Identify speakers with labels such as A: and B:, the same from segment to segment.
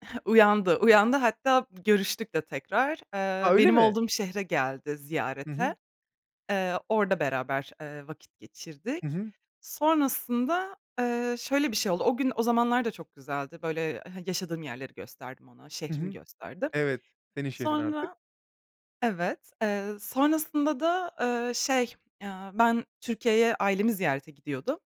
A: Uyandı, uyandı, hatta b görüştük de tekrar.
B: A,
A: Eee,
B: öyle
A: benim
B: mi?
A: olduğum şehre geldi
B: Hı
A: ziyarete.
B: hı.
A: Eee, orada beraber, eee, vakit
B: Hı
A: geçirdik.
B: hı.
A: Sonrasında, eee, şöyle bir şey oldu, o gün, o zamanlar da çok güzeldi, böyle ha yaşadığım yerleri gösterdim ona,
B: Hı
A: şehrimi
B: hı.
A: gösterdim.
B: Evet, senin şehrin artık.
A: Sonra, evet, eee, sonrasında da, eee, şey, aaa, ben Türkiye'ye ailemi ziyarete gidiyordum.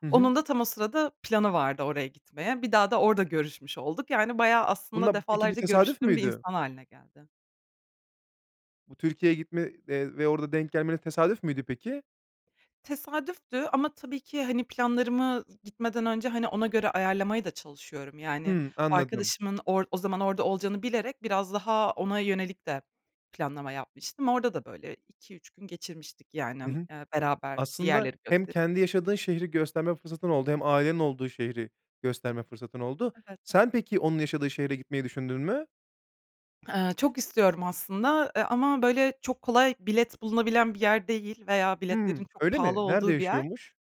B: Hı hı.
A: Onun da tam o sırada planı vardı oraya gitmeye. Bir daha da orada görüşmüş olduk. Yani bayağı aslında
B: Bunla peki bu
A: defalarca
B: tesadüf
A: görüştüğüm bir
B: müydü?
A: insan hâline geldi.
B: Bu Türkiye'ye gitme de ve orada denk gelmeniz tesadüf müydü peki?
A: Tesadüftü ama tabii ki, hani, planlarımı, ııı, gitmeden önce, hani, ona göre ayarlamaya da çalışıyorum. Yani
B: Hımm, anladım.
A: arkadaşımın or o zaman orada olacağını bilerek biraz daha ona yönelik de planlama yapmıştım. Orada da böyle 2-3 gün geçirmiştik yani,
B: Hı
A: emm,
B: hı.
A: eee, beraber bir
B: Aslında
A: yerleri
B: hem
A: gösterip.
B: kendi yaşadığın şehri gösterme fırsatın oldu, hem ailenin olduğu şehri gösterme fırsatın oldu.
A: Evet.
B: Sen peki onun yaşadığı şehre gitmeyi düşündün mü?
A: Eee, çok istiyorum aslında, eee, ama böyle çok kolay bilet bulunabilen bir yer değil veya biletlerin
B: Hımm,
A: çok
B: öyle mi?
A: pahalı
B: Nerede
A: olduğu bir yer.
B: yaşıyormuş?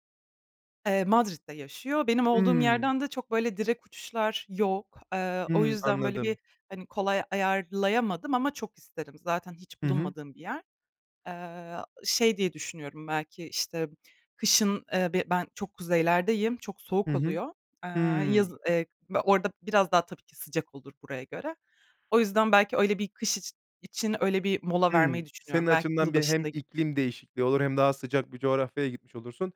A: Eee, Madrid'de yaşıyor. Benim olduğum
B: Hımm.
A: yerden de çok böyle direkt uçuşlar yok. Eee, o
B: Hımm.
A: yüzden böyle bir,
B: Anladım.
A: hani, kolay ayarlayamadım ama çok isterim. Zaten hiç
B: Hı hı.
A: bulunmadığım bir yer. Eee, şey diye düşünüyorum belki, işte, ımm, kışın, eee bi ben çok kuzeylerdeyim, çok
B: Hı
A: soğuk
B: hı.
A: oluyor. Eee,
B: Hımm.
A: yazı eee, orada biraz daha tabii ki sıcak olur buraya göre. O yüzden belki öyle bir kış içi için öyle bir mola
B: Hımm.
A: vermeyi
B: Senin
A: düşünüyorum. Belki
B: açımdan bir hem
A: yılbaşında giderim.
B: iklim değişikliği olur hem daha sıcak bir coğrafyaya gitmiş olursun.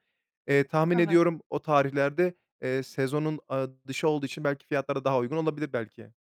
B: Eee, tahmin
A: Evet.
B: ediyorum o tarihlerde, eee, sezonun aaa dışı olduğu için belki fiyatlar da daha uygun olabilir belki.